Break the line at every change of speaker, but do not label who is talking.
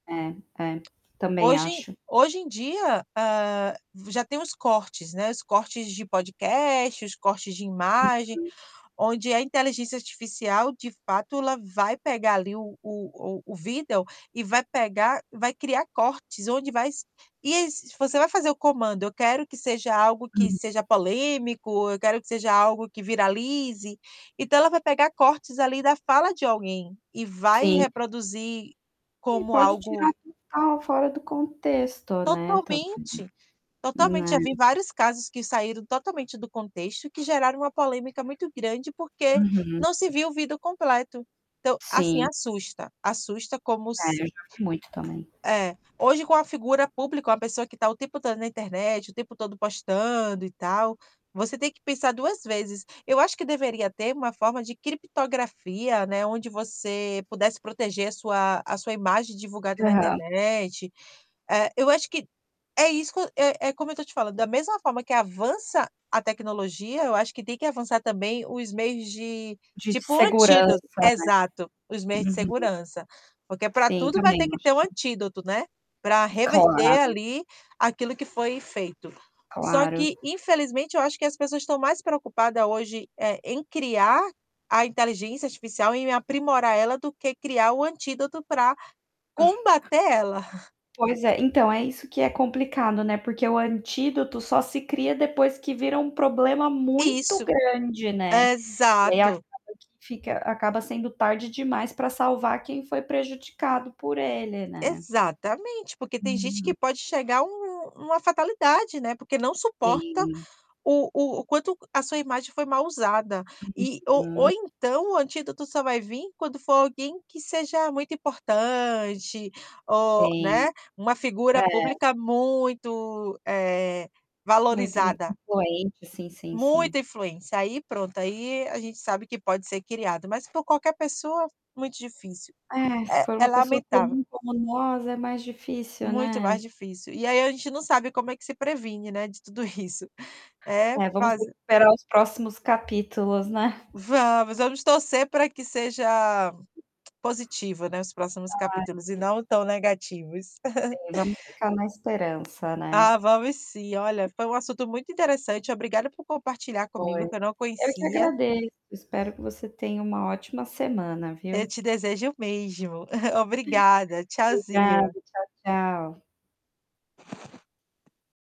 É, é, também
Hoje
acho.
hoje em dia, hã, já tem os cortes, né, os cortes de podcast, os cortes de imagem,
Uhum.
onde a inteligência artificial, de fato, ela vai pegar ali o o o o vídeo e vai pegar e vai criar cortes onde vai s e esses você vai fazer o comando: "Eu quero que seja algo que
Uhum.
seja polêmico", "Eu quero que seja algo que viralize". Então, ela vai pegar cortes ali da fala de alguém e vai
Sim.
reproduzir
E
como
pode tirar
algo
tudo que estava fora do contexto, né, também,
Totalmente, totalmente. Já vi
né.
vários casos que saíram totalmente do contexto que geraram uma polêmica muito grande, porque
Uhum.
não se viu o vídeo completo, então, assim,
Sim.
assusta, assusta como
É,
s
eu já vi muito também.
É, hoje, com a figura pública, uma pessoa que tá o tempo todo na internet, o tempo todo postando e tal, você tem que pensar 2 vezes. Eu acho que deveria ter uma forma de criptografia, né, onde você pudesse proteger a sua a sua imagem divulgada na
Aham.
internet. Eh, eu acho que é isco é é como eu estou te falando, da mesma forma que avança a tecnologia, eu acho que têm que avançar também os meios de
De de
tipo o antído
segurança, né.
Exato, os meios de
Uhum.
segurança. Porque para
Sim,
tudo vai
também
ter que ter um
acho.
antídoto, né, para
E
reverter
claro.
ali aquilo que foi feito. Só
Claro.
que, infelizmente, eu acho que as pessoas estão mais preocupada hoje, eh, em criar a inteligência artificial, em aprimorar ela do que criar o antídoto para combater ela.
Pois é, então é isso que é complicado, né, porque o antídoto só se cria depois que vira um problema muito
Isso,
grande, né. E aí acaba
exato.
que fica acaba sendo tarde demais pra salvar quem foi prejudicado por ele, né.
Exatamente, porque tem gente
Uhum.
que pode chegar a um um uma fatalidade, né, porque não suporta
Sim.
o o o quanto a sua imagem foi mal usada e ou ou
Uhum.
então o antídoto só vai vim quando for alguém que seja muito importante, ou,
Sim.
né, uma
É.
figura pública muito, eh,
Muito in
valorizada.
influente, sim, sim, sim.
Muita influência. Aí, pronto, aí a gente sabe que pode ser criado, mas por qualquer pessoa muito difícil.
É, se
É
for
é
uma pessoa
lamentável.
comum, como nós, é mais difícil,
Muito mais
né.
difícil. E aí a gente não sabe como é que se previne, né, de tudo isso. É,
É, vamos
faz
ter que esperar os próximos capítulos, né?
Vamos, vamos torcer pra que seja positivo, né, os próximos
Ah,
capítulos e
sim.
não tão negativos.
Sim, vamos ficar na esperança, né.
Ah, vamos sim. Olha, foi um assunto muito interessante. Obrigada por compartilhar
Foi.
comigo, que eu não
Eu que
conhecia.
agradeço, espero que você tenha uma ótima semana,
Eu
viu?
te desejo o mesmo, obrigada,
[unintelligible] Obrigado,
tchauzinho.
tchau, tchau.